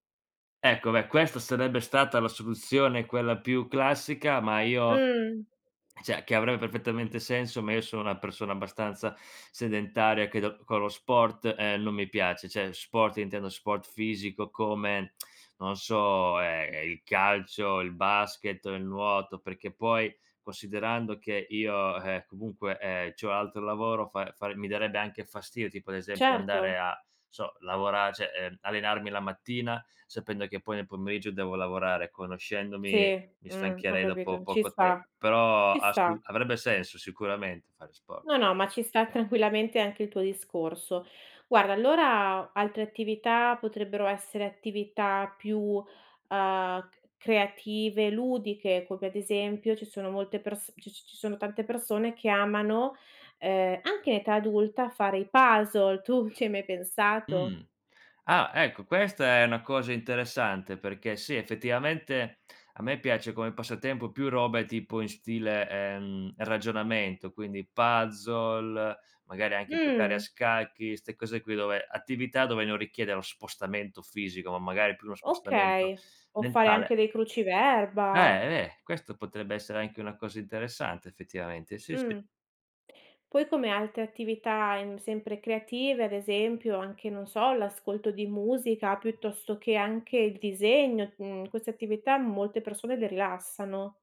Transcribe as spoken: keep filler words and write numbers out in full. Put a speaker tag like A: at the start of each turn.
A: Ecco, beh, questa sarebbe stata la soluzione quella più classica, ma io
B: Mh.
A: ceh che avrebbe perfettamente senso, ma io sono una persona abbastanza sedentaria, credo con lo sport, uhm, non mi piace, ceh, sport intendo sport fisico come non so, ehm, è il calcio, il basket o il nuoto, perché poi considerando che io, ehm, comunque, ehm, c'ho un altro lavoro, fa fa mi darebbe anche fastidio tipo ad esempio
B: Certo.
A: andare a n so lavorare, ceh, ehm, allenarmi la mattina, sapendo che poi nel pomeriggio devo lavorare,
B: Sì,
A: conoscendomi, mi
B: mh, ho
A: stancherei dopo
B: capito. Ci
A: poco
B: sta,
A: tempo. Però
B: ci
A: a st
B: sta.
A: avrebbe senso sicuramente fare sport.
B: No, no, ma ci sta tranquillamente anche il tuo discorso. Guarda, allora altre attività potrebbero essere attività più, uhm, c creative, ludiche, come ad esempio ci sono molte perso c ci sono tante persone che amano, uhm, anche in età adulta fare i puzzle. Tu ci hai mai pensato?
A: Mh. Ah, ecco, questa è una cosa interessante, perché sì, effettivamente a me piace come passatempo più robe tipo in stile, uhm, ragionamento, quindi puzzle, magari anche giocare a
B: Mh.
A: scacchi, 'ste cose qui dove attività dove non richiede lo spostamento fisico, ma magari più uno spostamento
B: Okay, o fare
A: mentale.
B: anche dei cruciverba.
A: Beh, eh, questo potrebbe essere anche una cosa interessante effettivamente, sì, sì.
B: Mh. Poi come altre attività, mhmm, sempre creative, ad esempio anche, non so, l'ascolto di musica, piuttosto che anche il disegno, mhmm, queste attività molte persone le rilassano.